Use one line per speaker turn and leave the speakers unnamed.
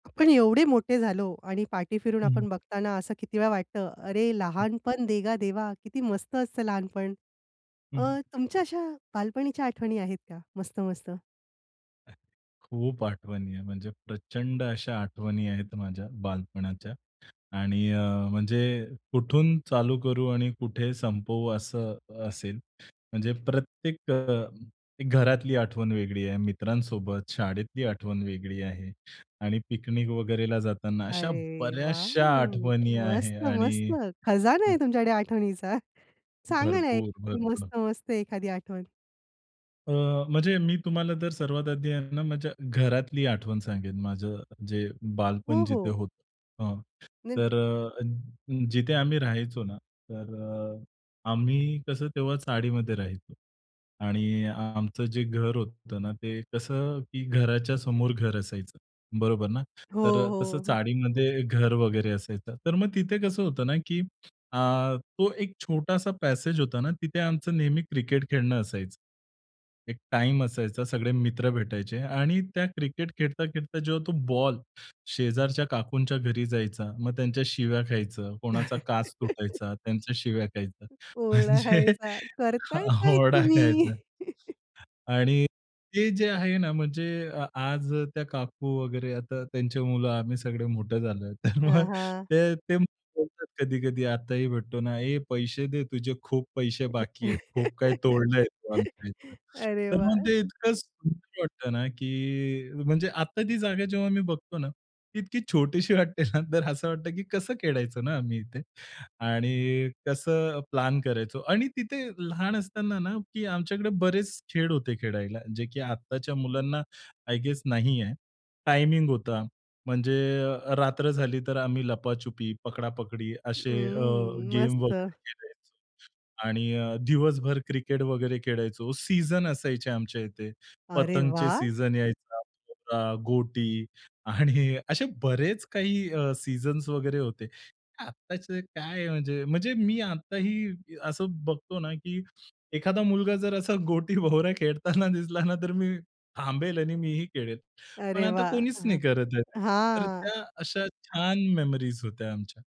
आपण एवढे मोठे झालो आणि पाठी फिरून
हं.
आपण बघताना असं किती वेळा वाटतं, अरे,
हं.
लहानपण देगा देवा. किती मस्त असतं लहानपण.
हं, हं.
अ, तुमच्या अशा बालपणीच्या आठवणी आहेत का मस्त मस्त?
खूप आठवणी आहे म्हणजे प्रचंड अशा आठवणी आहेत माझ्या बालपणाच्या. आणि अ, म्हणजे कुठून चालू करू आणि कुठे संपवू असं असेल. म्हणजे प्रत्येक अ, घरातली आठवण वेगळी आहे. मित्रांसोबत, शाळेतली आठवण वेगळी आहे आणि पिकनिक वगैरेला जाताना. अशा
अरे,
बऱ्याचशा
वॉव!
आठवणी
मस्त,
आहे आणि
मस्त. खजाना
हं.
आहे तुमच्याकडे आठवणीचा. सांगा ना,
भरपूर,
एखादी
भरपूर.
मस्त-मस्त एखादी आठवण?
अ, म्हणजे मी तुम्हाला जर सर्वात आधी आहे ना माझ्या घरातली आठवण सांगेन. माझं जे बालपण
हो,
जिथे
हो.
होतं अ,
निन
तर अ, जिथे आम्ही राहायचो ना, तर अ, आम्ही कसं तेव्हा चाळीमध्ये राहायचो आणि आमचं जे घर होतं ना, ते कसं की घराच्या समोर घर असायचं, बरोबर ना.
हो,
तर अ, तसं
हो.
चाळीमध्ये घर वगैरे असायचं. तर मग तिथे कसं होतं ना, की अ, तो एक छोटासा पॅसेज होता ना, तिथे आमचं नेहमी क्रिकेट खेळणं असायचं. एक टाईम असायचा, सगळे मित्र भेटायचे आणि त्या क्रिकेट खेळता-खेळता जेव्हा तो बॉल शेजारच्या काकूंच्या घरी जायचा. मग त्यांच्या शिव्या खायचं, कोणाचा काच तुटायचा त्यांच्या शिव्या खायचं.
ओरडा
म्हणजे
खायचा. करताय काय
ओरडा
तुम्ही?
खायचा. आणि ते जे आहे ना, म्हणजे अ, आज त्या काकू वगैरे आता त्यांचे मुलं आम्ही सगळे मोठे झालो आहेत. तर
अ,
मग
हां.
ते, ते बोलतात कधी-कधी आताही भेटतो ना. ए, पैसे दे तुझे खूप पैसे बाकी आहेत. खूप काही तोडलं आहे तू आमच्या इथलं.
अरे
तर मग
वाह!
ते इतकं सुंदर वाटतं ना, की म्हणजे आता ती जागा जेव्हा मी बघतो ना, ती इतकी छोटीशी वाटते ना. तर असं वाटतं, की कसं खेळायचो ना आम्ही इथे आणि कसं प्लॅन करायचो. आणि तिथे लहान असताना ना की आमच्याकडे बरेच खेळ होते खेळायला, जे की आत्ताच्या मुलांना आय गेस नाही आहे. टायमिंग होता. म्हणजे अ, रात्र झाली तर आम्ही लपाछुपी, पकडापकडी असे अ,
हं,
गेम
मस्त.
वगैरे खेळायचो आणि अ, दिवसभर क्रिकेट वगैरे खेळायचो. सीझन असायचे आमच्या इथे.
अरे
पतंगचे
वाह!
सीझन यायचा. भवरा, गोटी आणि असे बरेच काही अ, सीझन्स वगैरे होते. आत्ताच काय म्हणजे, म्हणजे मी आत्ताही असं बघतो ना, की एखादा मुलगा जर असा गोटी, भवरा खेळताना दिसला ना, तर मी थांबेल आणि मी ही खेळेल. पण
अरे
आता
वाह!
कोणीच नाही
हं.
करत आहे. तर
हां.
त्या अशा छान मेमरीज होत्या आमच्या.